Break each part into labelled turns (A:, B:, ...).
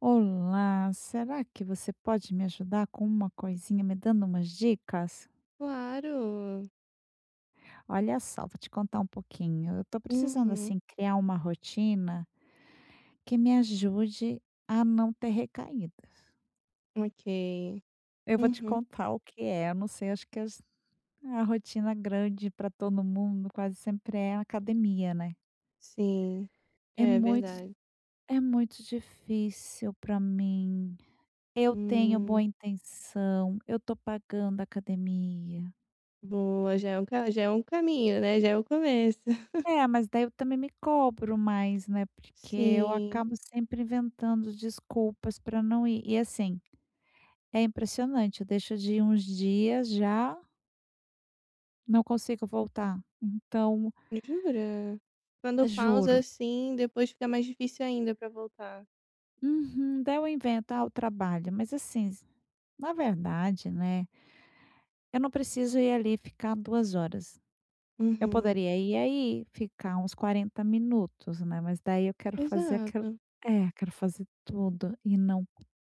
A: Olá, será que você pode me ajudar com uma coisinha, me dando umas dicas?
B: Claro.
A: Olha só, vou te contar um pouquinho. Eu tô precisando,
B: Uhum.
A: assim, criar uma rotina que me ajude a não ter recaídas.
B: Ok,
A: Eu vou te
B: uhum.
A: contar o que é, não sei, acho que as a rotina grande pra todo mundo quase sempre é academia, né.
B: Sim,
A: É
B: é
A: muito
B: verdade.
A: é muito difícil pra mim, eu tenho boa
B: Hum.
A: intenção, eu tô pagando academia.
B: Boa, já é um ca já é um caminho, né, já é o começo.
A: É, mas daí eu também me cobro mais, né, porque eu
B: Sim.
A: acabo sempre inventando desculpas pra não ir, e assim, é impressionante, eu deixo de ir uns dias, já não consigo voltar, então
B: Jura? Quando pausa,
A: Juro.
B: assim, depois fica mais difícil ainda pra voltar.
A: Uhum, daí eu invento, ah, o trabalho, mas assim, na verdade, né, eu não preciso ir ali ficar 2 horas. Eu
B: Uhum.
A: poderia ir aí ficar uns 40 minutos, né. Mas daí eu quero fazer aquilo
B: Exato.
A: É, quero fazer tudo e não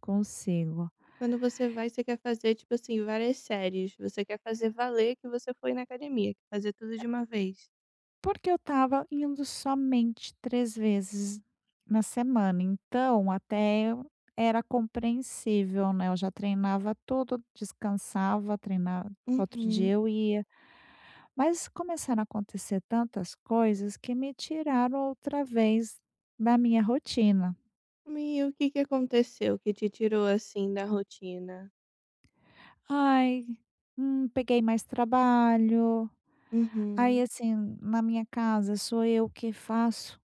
A: consigo.
B: Quando você vai, você quer fazer, tipo assim, várias séries. Você quer fazer valer que você foi na academia, quer fazer tudo
A: E
B: de uma vez.
A: Porque eu estava indo somente 3 vezes na semana, então até eu era compreensível, né. Eu já treinava tudo, descansava, treinava. Outro
B: Uhum.
A: dia eu ia, mas começaram a acontecer tantas coisas que me tiraram outra vez da minha rotina.
B: Mi o que que aconteceu que te tirou, assim, da rotina?
A: Ai, hum, peguei mais trabalho. Aí
B: Uhum.
A: assim, na minha casa sou eu que faço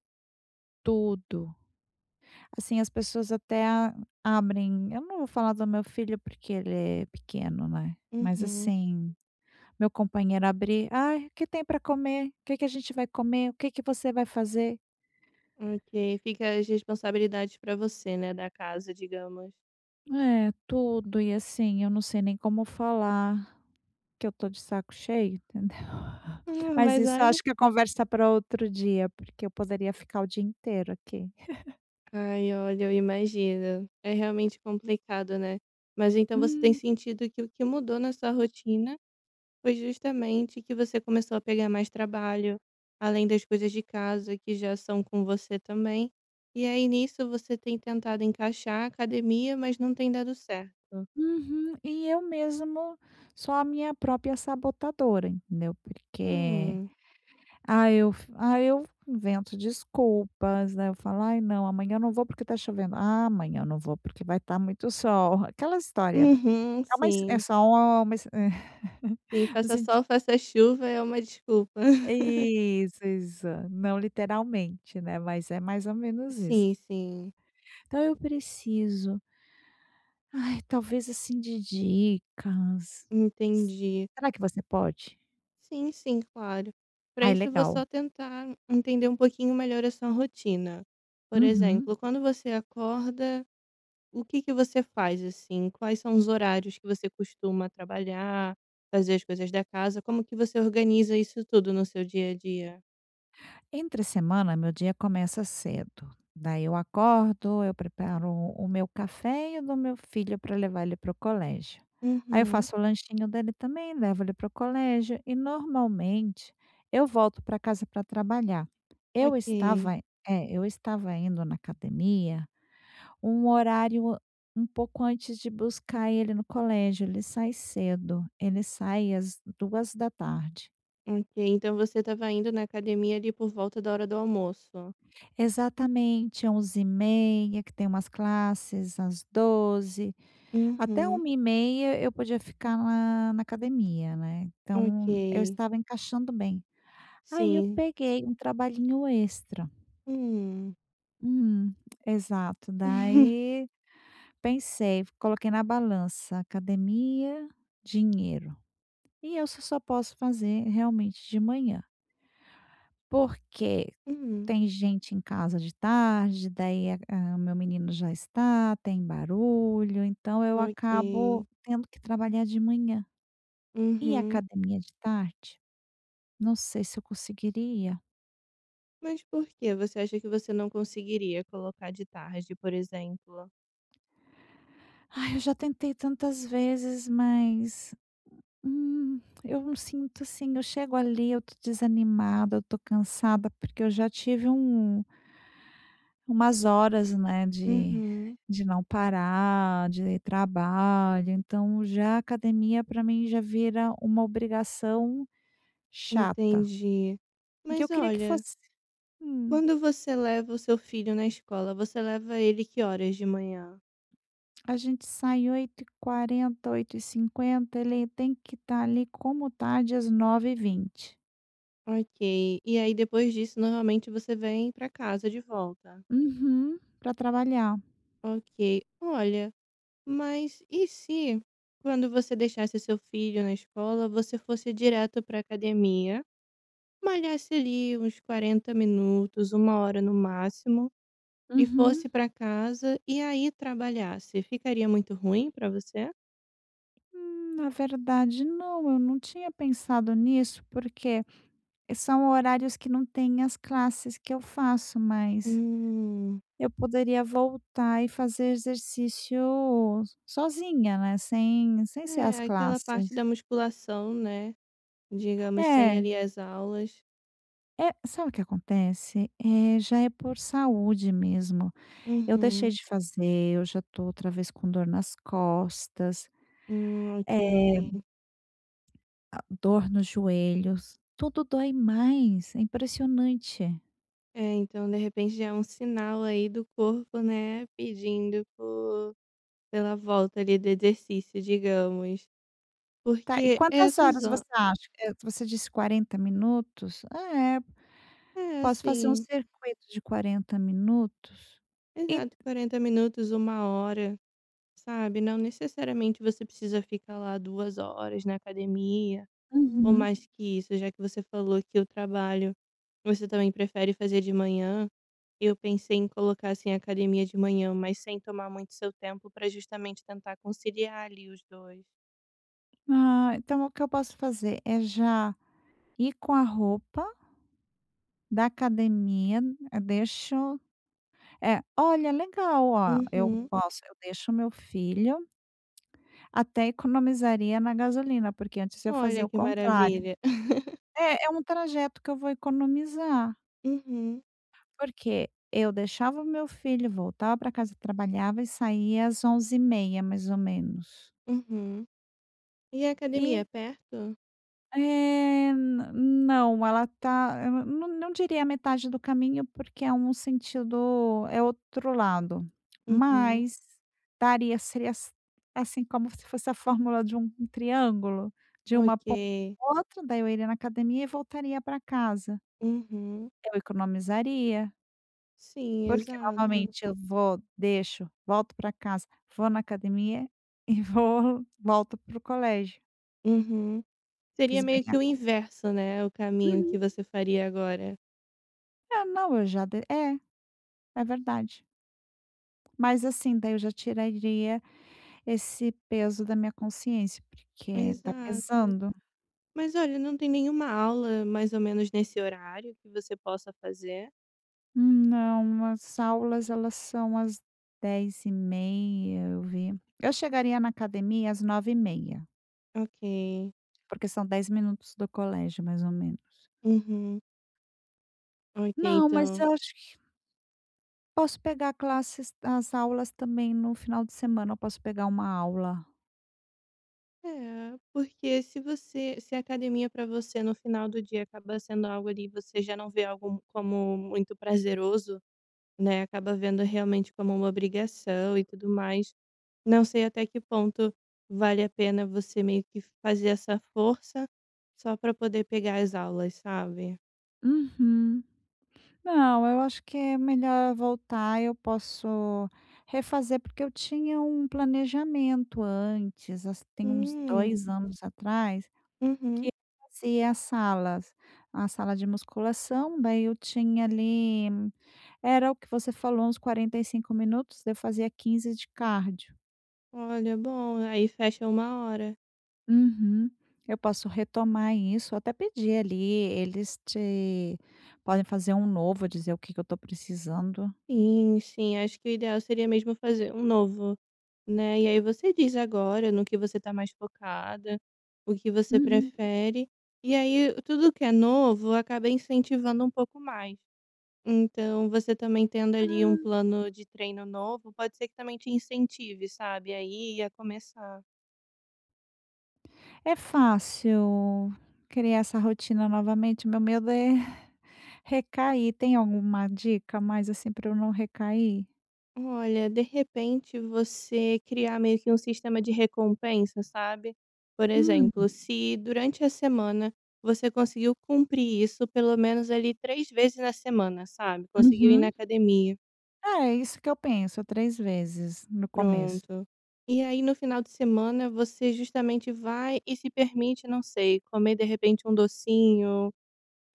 A: tudo. Assim, as pessoas até a abrem eu não vou falar do meu filho porque ele é pequeno, né. Mas,
B: Uhum.
A: assim, meu companheiro abre: "Ai, o que tem para comer? O que que a gente vai comer? O que que você vai fazer?"
B: Ok, fica as responsabilidades para você, né, da casa, digamos.
A: É, tudo. E, assim, eu não sei nem como falar que eu estou de saco cheio, entendeu.
B: Hum,
A: Mas
B: mas
A: isso
B: olha
A: acho que é conversa pra outro dia, porque eu poderia ficar o dia inteiro aqui.
B: Ai, olha, eu imagino. É realmente complicado, né. Mas então você tem
A: Hum.
B: sentido que o que mudou na sua rotina foi justamente que você começou a pegar mais trabalho, além das coisas de casa que já são com você também, e aí nisso você tem tentado encaixar a academia, mas não tem dado certo?
A: Uhum. E eu mesmo sou a minha própria sabotadora, entendeu, porque,
B: Hum.
A: ah, eu fu ah, eu invento desculpas, né. Eu falo: "Ai, não, amanhã não vou porque tá chovendo. Ah, amanhã não vou porque vai tá muito sol", aquelas história
B: Uhum,
A: é uma his é
B: sim.
A: só uma exce
B: Sim,
A: no
B: faça
A: senti
B: sol, faça chuva, é uma desculpa.
A: É isso, exa não literalmente, né, mas é mais ou menos isso.
B: Sim, sim.
A: Então eu preciso ai, talvez, assim, de dicas. S
B: Entendi.
A: será que você pode?
B: Sim, sim, claro. Pra
A: Ai,
B: isso vou só
A: legal.
B: tentar entender um pouquinho melhor a sua rotina. Por
A: Uhum.
B: exemplo, quando você acorda, o que que você faz, assim? Quais são os horários que você costuma trabalhar, fazer as coisas da casa? Como que você organiza isso tudo no seu dia a dia?
A: Entre semana, meu dia começa cedo. Daí eu acordo, eu preparo o meu café e o do meu filho pra levar ele para o colégio, aí eu
B: Uhum.
A: faço o lanchinho dele também, levo ele para o colégio e normalmente eu volto pra casa pra trabalhar. Eu
B: Ok.
A: estava, eh eu estava indo na academia um horário an um pouco antes de buscar ele no colégio. Ele sai cedo, ele sai às 14h.
B: Ok, então você estava indo na academia ali por volta da hora do almoço?
A: Exatamente, 11:30, que tem umas classes às 12:00, até
B: Uhum.
A: 13:30 eu podia ficar lá na academia, né, então eu
B: Ok.
A: estava encaixando bem. Aí eu
B: Sim.
A: peguei um trabalhinho extra
B: Hum.
A: Hum, exato. Daí pensei, coloquei na balança: academia, dinheiro. E eu só só posso fazer realmente de manhã. Porque
B: Hum.
A: tem gente em casa de tarde, daí a o meu menino já está, tem barulho, então eu
B: Ok.
A: acabo tendo que trabalhar de manhã. Ir à
B: Uhum.
A: academia de tarde, não sei se eu conseguiria.
B: Mas por que você acha que você não conseguiria colocar de tarde, por exemplo?
A: Ai, eu já tentei tantas vezes, mas, hum, eu não sinto, assim, eu chego ali, eu estou desanimada, eu estou cansada, porque eu já tive um umas horas, né, de
B: Uhum.
A: de não parar, de trabalho, então já academia pra mim já vira uma obrigação chata
B: Entendi.
A: que eu
B: Mas,
A: queria que
B: olha
A: fosse hum.
B: quando você leva o seu filho na escola, você leva ele que horas de manhã?
A: A gente sai 8:40, 8:50. Ele tem que estar, ali, como tarde às 9:20.
B: Ok. E aí, depois disso, normalmente, você vem pra casa de volta?
A: Uhum, pra trabalhar.
B: Ok. Olha, mas, e se quando você deixasse seu filho na escola, você fosse direto pra academia. Malhasse, ali, uns 40 minutos, 1 hora no máximo, e
A: Uhum.
B: fosse pra casa. E aí, trabalhasse. Ficaria muito ruim pra você?
A: Hum, na verdade, não. Eu não tinha pensado nisso, porque são horários que não tem as classes que eu faço. Mas
B: Hum.
A: eu poderia voltar e fazer exercício sozinha, né, sem sem ser as
B: É. Aquela parte
A: classes.
B: da musculação, né. Digamos, sem,
A: É.
B: ali, as aulas.
A: É. Sabe o que acontece? Eh, já é por saúde, mesmo. Eu deixei
B: Uhum.
A: de fazer, eu já estou, outra vez, com dor nas costas.
B: Hum.
A: Eh
B: Ok.
A: ah, dor nos joelhos. Tudo dói mais, é impressionante.
B: É, então de repente já é um sinal aí do corpo, né, pedindo por pela volta ali do exercício digamos,
A: Tá, e
B: porque
A: quantas
B: essa
A: horas você
B: zo
A: acha que eu você disse 40 minutos, é,
B: É
A: posso fazer um
B: assim.
A: circuito de 40 minutos e
B: Exato, 40 minutos, 1 hora, sabe, não necessariamente você precisa ficar lá 2 horas na academia ou
A: Uhum.
B: mais que isso, já que você falou que o trabalho você também prefere fazer de manhã, eu pensei em colocar, assim, a academia de manhã, mas sem tomar muito seu tempo pra justamente tentar conciliar ali os 2.
A: Ah, então o que eu posso fazer, é já ir com a roupa da academia, eu deixo, eh, olha legal, ó, eu
B: Uhum.
A: posso eu deixo o meu filho Até economizaria na gasolina, porque antes eu
B: Olha,
A: fazia o
B: que
A: contrário,
B: maravilha.
A: é é um trajeto que eu vou economizar.
B: Uhum.
A: Porque eu deixava o meu filho, voltava pra casa, trabalhava e saía às 11h30, mais ou menos.
B: Uhum. E a academia é
A: E
B: perto?
A: é, na não, ela está não não diria metade do caminho, porque é um sentido, é outro lado,
B: Uhum.
A: mas daria, seria as assim como se fosse a fórmula de um triângulo, de uma ponta
B: Ok.
A: à outra, daí eu iria na academia e voltaria pra casa.
B: Uhum.
A: Eu economizaria
B: Sim,
A: porque
B: exato.
A: normalmente eu vou, deixo, volto para casa, vou na academia e vou volto pro colégio.
B: Uhum. Seria
A: Fiz bem
B: meio
A: a
B: que o
A: conta.
B: inverso, né, o caminho
A: Uhum.
B: que você faria agora.
A: É, não, eu já de é, é verdade. Mas assim, daí eu já tiraria esse peso da minha consciência, porque tá
B: Exato.
A: pesando.
B: Mas olha, não tem nenhuma aula mais ou menos nesse horário que você possa fazer?
A: Não, as aulas elas são às 10:30, eu vi, eu chegaria na academia às 09:30.
B: Ok.
A: Porque são 10 minutos do colégio, mais ou menos.
B: Uhum. Ok,
A: Não, mas
B: então.
A: eu acho que posso pegar classes as aulas também no final de semana, eu posso pegar uma aula.
B: É, porque se você se a academia para você no final do dia acaba sendo algo ali, você já não vê algo como muito prazeroso, né, acaba vendo realmente como uma obrigação e tudo mais, não sei até que ponto vale a pena você meio que fazer essa força só para poder pegar as aulas, sabe?
A: Uhum, não eu acho que é melhor eu voltar, eu posso refazer, porque eu tinha um planejamento antes, assim tem uns
B: Hum.
A: 2 anos atrás, que
B: Uhum.
A: eu fazia as salas a sala de musculação, daí eu tinha ali, era o que você falou, uns 45 minutos, daí eu fazia 15 de cardio.
B: Olha, bom, Aí fecha 1 hora.
A: Uhum. Eu posso retomar isso, até pedir ali, eles te podem fazer um novo, eu dizer o que que eu estou precisando.
B: Sim, sim. Acho que o ideal seria mesmo fazer um novo, né. E aí, você visa agora no que você tá mais focada, o que você
A: Uhum.
B: prefere. E aí, tudo que é novo acaba incentivando um pouco mais. Então, você também, tendo ali um
A: Hum.
B: plano de treino novo, pode ser que também te incentive, sabe, a ir e a começar.
A: É fácil criar essa rotina novamente. Meu medo é recair. Tem alguma dica mais, assim, para eu não recair?
B: Olha, de repente, você criar meio que um sistema de recompensa, sabe? Por
A: Hum.
B: exemplo, se durante a semana você conseguiu cumprir isso pelo menos, ali, 3 vezes na semana, sabe, conseguiu ir na
A: Uhum.
B: academia.
A: É isso que eu penso, 3 vezes, no começo.
B: Pronto. E aí, no final de semana, você justamente vai e se permite, não sei, comer, de repente, um docinho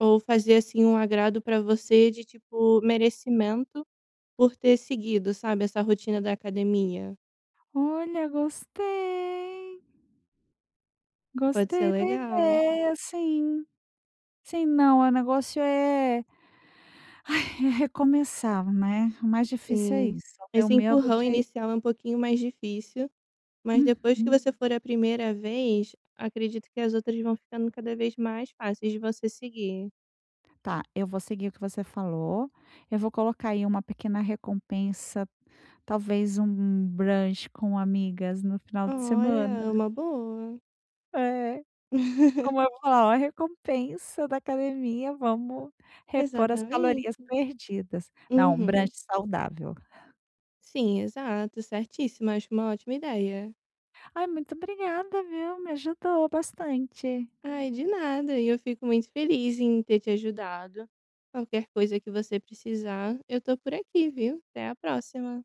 B: ou fazer, assim, um agrado para você, de tipo, merecimento por ter seguido, sabe, essa rotina da academia.
A: Olha, gostei
B: Pode ser
A: gostei da
B: legal.
A: ideia, sim. Sim, não, o negócio é é recomeçar, né. O mais difícil é
B: Sim,
A: isso, o meu
B: esse
A: medo
B: empurrão
A: de
B: inicial é um pouquinho mais difícil. Mas, depois que
A: Uhum.
B: você for a 1° vez, acredito que as outras vão ficando cada vez mais fáceis de você seguir.
A: Tá, eu vou seguir o que você falou. Eu vou colocar aí uma pequena recompensa, talvez um brunch com amigas no final de semana.
B: Olha, uma boa.
A: É. Como eu vou falar: "Olha, recompensa da academia. Vamos repor as calorias
B: Exatamente.
A: perdidas." Não, um
B: Uhum.
A: brunch saudável.
B: Sim, exato, certíssimo. Acho uma ótima ideia.
A: Ah, muito obrigada, viu. Me ajudou bastante.
B: Ai, de nada. E eu fico muito feliz em ter te ajudado. Qualquer coisa que você precisar, eu estou por aqui, viu. Até a próxima.